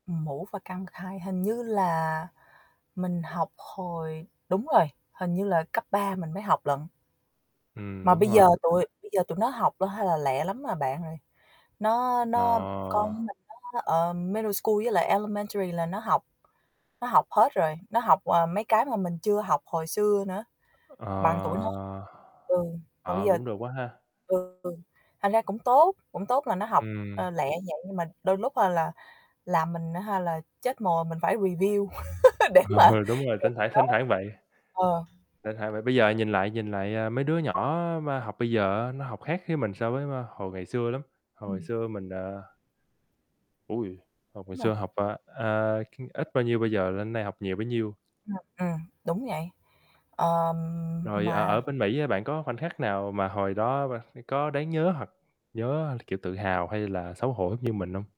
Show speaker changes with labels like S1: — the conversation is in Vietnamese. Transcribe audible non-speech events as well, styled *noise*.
S1: Mũ và căn bậc hai hình như là mình học hồi đúng rồi, hình như là cấp 3 mình mới học lận.
S2: Ừm,
S1: Mà
S2: đúng
S1: bây giờ
S2: rồi.
S1: tụi bây giờ tụi nó học là hay là lẹ lắm, à, bạn rồi. Nó nó con của
S2: Ờ.
S1: mình nó, ờm, middle school với lại elementary là nó học nó học hết rồi, nó học, à, mấy cái mà mình chưa học hồi xưa nữa. Bằng tuổi nó
S2: Ờ,
S1: ừ, mà bây
S2: ờ,
S1: giờ
S2: cũng được quá ha.
S1: ừ, thành ra cũng tốt, cũng tốt là nó học, ờ,
S2: Ừm.
S1: lẹ như vậy nhưng mà đôi lúc ha là làm mình á ha, là chết mồ mình phải review *laughs* để mà
S2: Ờ, đúng rồi,
S1: kèm
S2: thỉnh thoảng,
S1: nó,
S2: thỉnh thoảng vậy.
S1: ờ.
S2: Thỉnh thoảng vậy, bây giờ nhìn lại nhìn lại, ờ, mấy đứa nhỏ mà học bây giờ á, nó học khác với mình so với, a, hồi ngày xưa lắm, hồi
S1: Ừm.
S2: xưa mình, à Ôi, hồi ngày
S1: Đúng rồi.
S2: xưa học, à, à, c ít bao nhiêu bây giờ lên đây học nhiều bấy nhiêu.
S1: Ừm, ừm, đúng vậy, ờ,
S2: Rồi ở ở
S1: mà
S2: bên Mỹ á, bạn có khoảnh khắc nào mà hồi đó ba c có đáng nhớ hoặc nhớ, kiểu, tự hào hay là xấu hổ giống như mình hông?